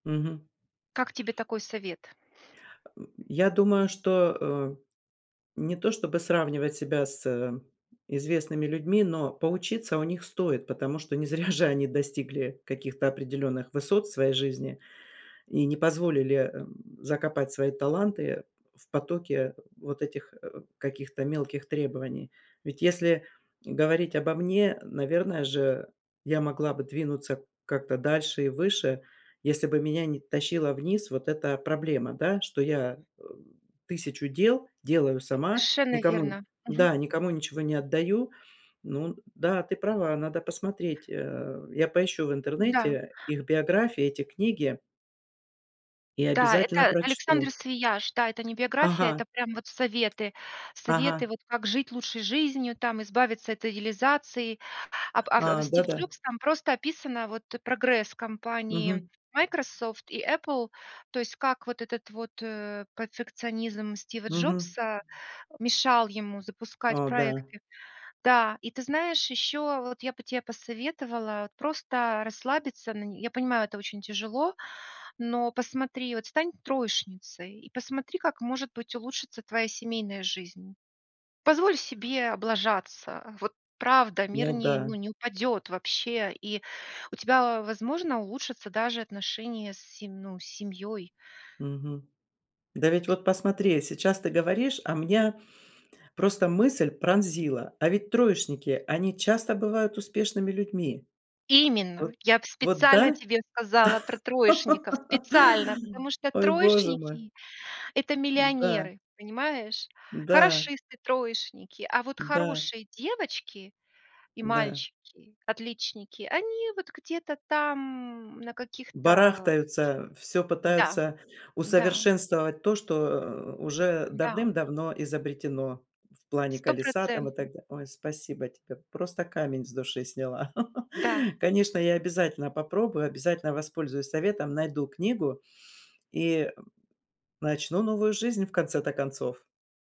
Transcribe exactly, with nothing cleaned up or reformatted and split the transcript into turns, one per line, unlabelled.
Мгм.
Как тебе такой совет?
А, м. Я думаю, что, э, не то, чтобы сравнивать себя с, э, известными людьми, но поучиться у них стоит, потому что не зря же они достигли каких-то определенных высот в своей жизни и не позволили, эм, закопать свои таланты в потоке вот этих, э, каких-то мелких требований. Ведь если говорить обо мне, наверное же, я могла бы двинуться как-то дальше и выше, если бы меня не тащила вниз вот эта проблема, да, что я, э, тысячу дел делаю сама,
Совершенно
никому
верно. Мгм.
да, никому ничего не отдаю. Ну, да, ты права, надо посмотреть. Э, я поищу в
Да.
интернете их биографии, эти книги и
Да,
обязательно
это Александо
прочту.
Свияш, да, это не биография,
Ага.
это прям вот советы. Советы,
Ага.
вот, как жить лучшей жизнью, там, избавиться от идеализации. Об
А,
от Стив
да-да.
Джобс, там просто описано, вот, прогресс компании
Мгм.
Microsoft и Apple, то есть, как вот этот вот, э, пацикционизм Стива
Мгм.
Джобса мешал ему запускать
О, да.
проекты. Да, и ты знаешь, еще вот я бы те посоветовала просто расслабиться на я понимаю, это очень тяжело, но посмотри, вот стань троечницей, и посмотри как, может быть, улучшится твоя семейная жизнь. Позволь себе облажаться, вот правда, мир,
Ну
не
да.
ну, не упадет вообще, и у тебя, возможно, улучшатся даже отношения с сем ну, с семьей.
Мгм. Да ведь вот посмотри, сейчас ты говоришь, а меня просто мысль пронзила, а ведь троечники, они часто бывают успешными людьми. Вот
Именно! Я в
вот
специально
да?
тебе сказала про троечников. Специально! Потому что
Ой, Боже мой!
троечники- это
Да.
миллионеры. Понимаешь?
Да.
Хорошисты, троечники. А вот
Да.
хорошие девочки и
Да.
мальчики, отличники, они вот где-то там, на каких-то
Барахтаются, всё
Да,
пытаются
да.
усовершенствовать то, что, э, уже
Да.
давным-давно изобретено, в плане колеса там и
Стопроцентно.
так да Ой, спасибо тебе, просто камень с души сняла.
Да.
Конечно, я обязательно попробую, обязательно воспользуюсь советом, найду книгу и начну новую жизнь, в конце-то концов.